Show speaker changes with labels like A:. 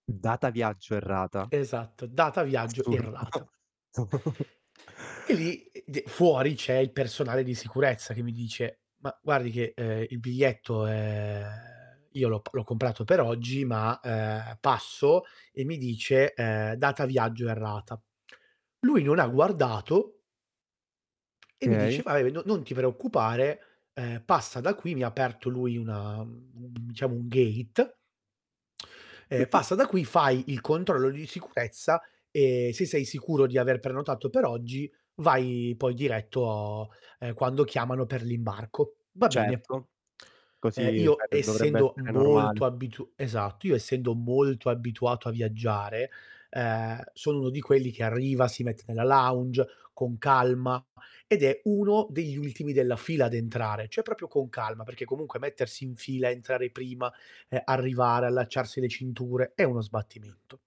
A: Data viaggio errata.
B: Esatto, data viaggio
A: Assurdo.
B: errata. E lì e d fuori c'è il personale di sicurezza che mi dice: "Ma guardi che, uhm, il biglietto è" io l'ho p l'ho comprato per oggi, ma, ehm, passo e mi dice: "Ehm, data viaggio errata". Lui non ha guardato e mi dice:
A: Okay
B: "Vabbè, non non ti preoccupare, uhm, passa da qui", mi ha aperto lui una, mhmm, un un p diciamo, gate. Ehm, passa da qui, fai il controllo di sicurezza e se sei sicuro di aver prenotato per oggi vai poi diretto, ehm, quando chiamano per l'imbarco. Va bene.
A: Certo.
B: Uhm,
A: Così, sai,
B: io,
A: d dovrebbe
B: essendo
A: essere normale.
B: molto abitu esatto, io essendo molto abituato a viaggiare, ehm, sono uno di quelli che arriva, si mette nella lounge con calma ed è uno degli ultimi della fila ad entrare, cioè proprio con calma perché comunque mettersi in fila, entrare prima, ehm, arrivare, allacciarsi le cinture è uno sbattimento.